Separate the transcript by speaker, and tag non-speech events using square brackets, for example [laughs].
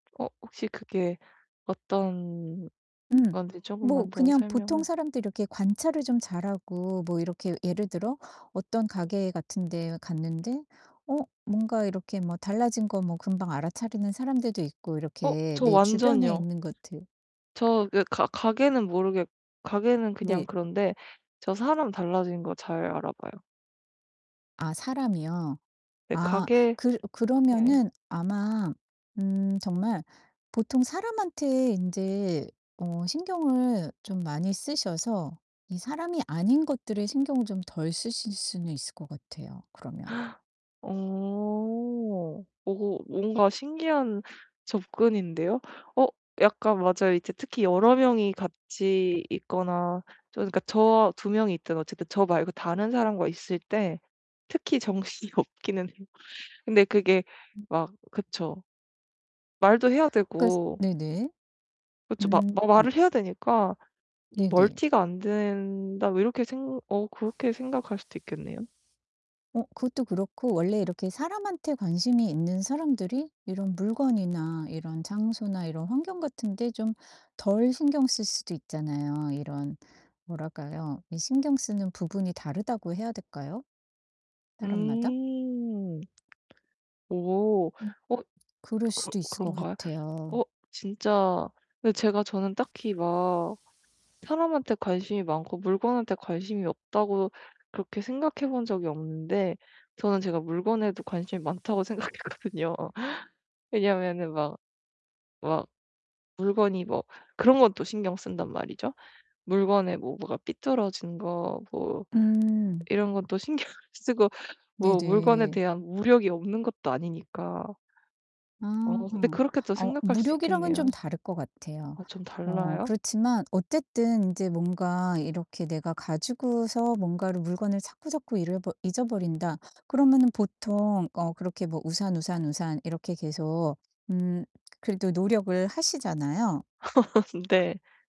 Speaker 1: 어 혹시 그게 어떤
Speaker 2: 음.
Speaker 1: 건지
Speaker 2: 뭐
Speaker 1: 쪼금만 더
Speaker 2: 그냥 보통
Speaker 1: 설명을
Speaker 2: 사람들이 이렇게 관찰을 좀 잘하고 뭐 이렇게 예를 들어 어떤 가게 같은 데에 갔는데 어 뭔가 이렇게 뭐 달라진 거 뭐 금방 알아차리는 사람들도 있고
Speaker 1: 어
Speaker 2: 이렇게
Speaker 1: 저
Speaker 2: 내 주변에
Speaker 1: 완전이요.
Speaker 2: 있는 것들
Speaker 1: 저 그 가 가게는 모르겠 가게는 그냥
Speaker 2: 네.
Speaker 1: 그런데 저 사람 달라진 거 잘 알아 봐요.
Speaker 2: 아 사람이요?
Speaker 1: 네
Speaker 2: 아
Speaker 1: 가게
Speaker 2: 그
Speaker 1: 네.
Speaker 2: 그러면은 아마 음 정말 보통 사람한테 인제 어 신경을 좀 많이 쓰셔서 이 사람이 아닌 것들에 신경을 좀 덜 쓰실 수는 있을 것 같아요, 그러면.
Speaker 1: [gasps] 어. 어 뭔가 신기한 접근인데요. 어 약간 맞아요. 이제 특히 여러 명이 같이 있거나 저 그러니까 저와 2 명이 있든 어쨌든 저 말고 다른 사람과 있을 때 특히 정신이 없기는 해요. 근데 그게
Speaker 2: 음.
Speaker 1: 막 그쵸. 말도 해야
Speaker 2: 그러니까 스
Speaker 1: 되고
Speaker 2: 네네.
Speaker 1: 그쵸. 마
Speaker 2: 음
Speaker 1: 마
Speaker 2: 음.
Speaker 1: 말을 해야 되니까 음
Speaker 2: 네네.
Speaker 1: '멀티가 안 된다.' 뭐 이렇게 생 어 그렇게 생각할 수도 있겠네요.
Speaker 2: 어 그것도 그렇고 원래 이렇게 사람한테 관심이 있는 사람들이 이런 물건이나 이런 장소나 이런 환경 같은데 좀 덜 신경 쓸 수도 있잖아요. 이런 뭐랄까요? 이 신경 쓰는 부분이 다르다고 해야 될까요, 사람마다?
Speaker 1: 음. 오.
Speaker 2: 음
Speaker 1: 어.
Speaker 2: 그럴
Speaker 1: 그
Speaker 2: 수도 있을 것
Speaker 1: 그런가요?
Speaker 2: 같아요.
Speaker 1: 어. 진짜 근데 제가 저는 딱히 막 사람한테 관심이 많고 물건한테 관심이 없다고 그렇게 생각해 본 적이 없는데 저는 제가 물건에도 관심이 많다고 생각했거든요. 왜냐하면은 막 막 물건이 뭐 그런 건 또 신경 쓴단 말이죠. 물건에 뭐 뭐가 삐뚤어진 것 뭐
Speaker 2: 음.
Speaker 1: 이런 것도 신경 쓰고 뭐 물건에
Speaker 2: 네네.
Speaker 1: 대한 물욕이 없는 것도 아니니까.
Speaker 2: 아.
Speaker 1: 어 근데 그렇게 또
Speaker 2: 어
Speaker 1: 생각할 수
Speaker 2: 물욕이랑은 좀
Speaker 1: 있겠네요.
Speaker 2: 다를 것 같아요.
Speaker 1: 아 좀
Speaker 2: 어
Speaker 1: 달라요?
Speaker 2: 그렇지만 어쨌든 인제 뭔가 이렇게 내가 가지고서 뭔가를 물건을 자꾸자꾸 잃어버 잊어버린다. 그러면은 보통 어 그렇게 뭐 '우산, 우산, 우산.' 이렇게 계속 음 그래도 노력을 하시잖아요.
Speaker 1: [laughs] 네.